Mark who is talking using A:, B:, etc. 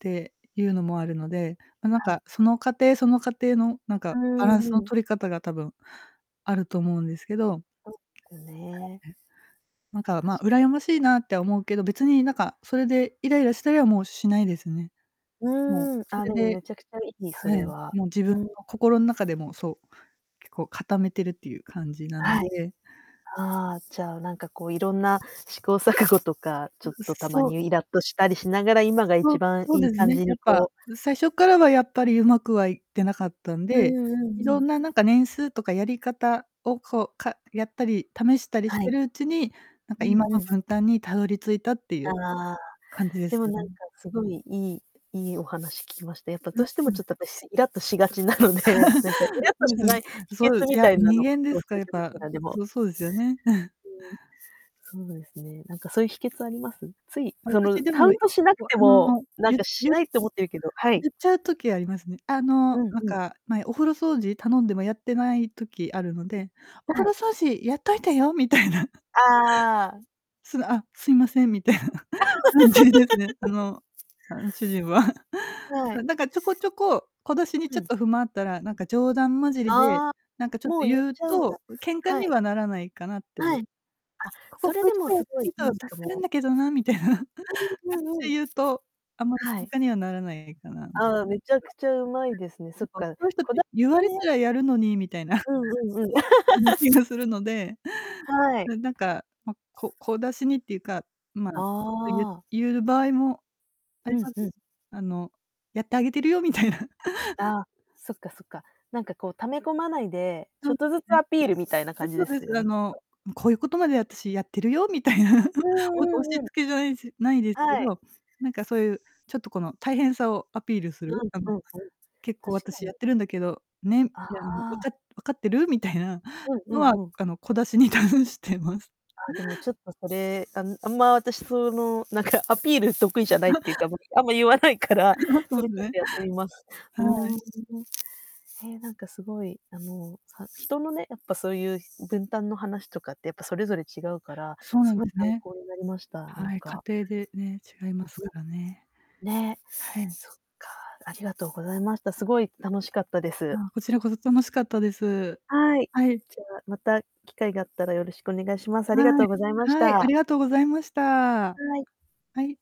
A: て、いうのもあるので、ななん
B: はい。
A: かその家庭、その家庭の、なん
B: うー
A: か、バランス
B: ん、
A: の
B: うん。
A: 取り方が多分あると思うんですけど。
B: およね。
A: なんか、
B: 確
A: ま、
B: か
A: 羨ましいなって思うけど、別になんかそれでイライラしたりはもうしないですね。もう、
B: うん、
A: そ
B: あ、
A: れ
B: でも
A: で
B: めちゃくちゃいい、そ
A: はい、
B: れは。
A: もう自分
B: う
A: の
B: ん。
A: 心の中でもそう、結構固めてるっていう感じなん
B: はい、
A: で。
B: ああ、じゃあなんかこういろんな試行錯誤とか、ちょ
A: う
B: っ
A: う
B: とたま
A: そう
B: にイラっとしたりしながら、
A: う
B: 今が
A: そ
B: 一
A: う
B: 番
A: そう
B: いい
A: です
B: 感
A: ね、
B: じ
A: や
B: に
A: っぱ、
B: こう
A: す最初からはやっぱり上手くはいってなかったん
B: う
A: で、
B: んうん
A: 色
B: うん。
A: んななんか年数とかやり方をこう、かやったり、試したりし
B: は
A: て
B: い。
A: るうちに、なん
B: う
A: か
B: ん
A: 今
B: う
A: の
B: ん。
A: 分担にたどり着いたっていう
B: ああ、
A: 感じで
B: で
A: す
B: もなんか
A: ね。
B: 凄い、いいいいお話聞きました。やっぱどう
A: あ、
B: しても
A: そうで
B: ちょ
A: す。
B: っと私イラっとしがちなので、なんかイ ラっ
A: そ
B: と
A: うで
B: し
A: すよ
B: な
A: ね。
B: い秘
A: そう
B: 訣
A: い
B: み
A: や、
B: たいなの
A: 人
B: を
A: 間で
B: 教
A: すか
B: え
A: ら、
B: て
A: やっ
B: 欲し
A: ぱ、
B: いな、でも。
A: そそうですよね。
B: うん。そうですね、なんかそういう秘訣あります？つい、その
A: 私で
B: カ
A: も、
B: ウントしなく
A: わ
B: て
A: あ
B: も、
A: の、
B: なん
A: ゆ
B: かし
A: ゆ
B: ないと思ってるけどはい。
A: ゆっちゃう時ありますね。あの、
B: うん
A: なん
B: うん。
A: か、前お風呂掃除頼んでもやってない時あるので「お
B: は
A: 風呂
B: い。
A: 掃除やっといてよ」みたいな。
B: ああ。
A: すぐ「あ、すいません」みたいな 感じですね、あのあの主人は。
B: は
A: あ、
B: い。
A: なんかちょこちょこ、小出しに
B: う
A: ちょっ
B: ん。
A: と不満あったら、なんか冗談交じりで、
B: ああ、
A: なんかちょっと
B: もう言っ
A: 言う
B: ちゃうんだ。
A: と、喧嘩
B: は
A: に
B: い。
A: はならないかなってい
B: はい。
A: う。
B: あ、
A: 「こ
B: そ
A: ここ
B: れ
A: ういう
B: で
A: と
B: も
A: こやっ
B: 凄
A: て
B: い
A: ると
B: い
A: 助
B: いと
A: かるん
B: 思
A: だけどな」みたいな。っ
B: う。うんうん
A: て
B: うん。
A: 言うと、あまり
B: はい。
A: 喧嘩にはならないかな。なんか
B: ああ、めちゃくちゃうまいですね。そっ
A: そ
B: か、
A: ういう人っ
B: こ
A: て
B: だ
A: 言われ たらやるのに、みたいな。
B: うんうんうん。
A: 気がするので、
B: はい。
A: ななんかま、こ小出しにっていうか、まあ、ちょっと言う
B: ああ。
A: 言う場合もあ
B: う
A: り
B: ん
A: ます。
B: うん。
A: あの、やってあげてるよみたいな。
B: あ、そっかそっか、なんかこう溜め込まないで、ち
A: そ
B: ょ
A: う
B: っとずつ
A: ね。
B: アピールみたいな
A: だ
B: 感
A: か
B: じで
A: ら、え
B: す
A: す
B: よ
A: あ
B: ね、きっ
A: の
B: と。
A: 「こういうことまで私やってるよ」みたいな、
B: う
A: お押し
B: んうんうん。
A: 付けじゃないし無いですけ
B: はい。
A: ど、なんかそういう、ちょっとこの大変さをアピールする？
B: うん
A: あの、
B: うんうん。
A: 「結構
B: 確か
A: 私や
B: に。
A: ってるんだけど」ね、み
B: あ
A: たいなの、「わか
B: あ。
A: 分かってる？」みたいな、
B: うんう
A: のは
B: んうん。
A: あの、小出しに出してます。
B: ああ、でもちょっとそれ、あんあんま私その、何かアピール得意じゃないっていうか、ま、あんま言わないから、
A: そ
B: そ
A: う
B: れ
A: す
B: ちょっ
A: ね。
B: とやってみます。
A: は
B: う
A: い。
B: ん。ええ、何か凄い、あの、さ人のね、やっぱそういう分担の話とかって、やっぱそれぞれ違うから、
A: そうなん
B: 凄
A: で
B: い
A: す
B: 参
A: ね。
B: 考になりました、なん
A: はい、家
B: か。
A: 庭でね、違いますからね。
B: ね、
A: はい。
B: そっか、ありがとうございました。すごい楽しかったです。
A: あ、こちらこそ楽しかったです。
B: はい、
A: はい。
B: じゃあまた機会があったらよろしくお願いします。ありが
A: は
B: と
A: い。
B: うございまし
A: はい、あ
B: た。
A: りがとうございました。は
B: はい。
A: い。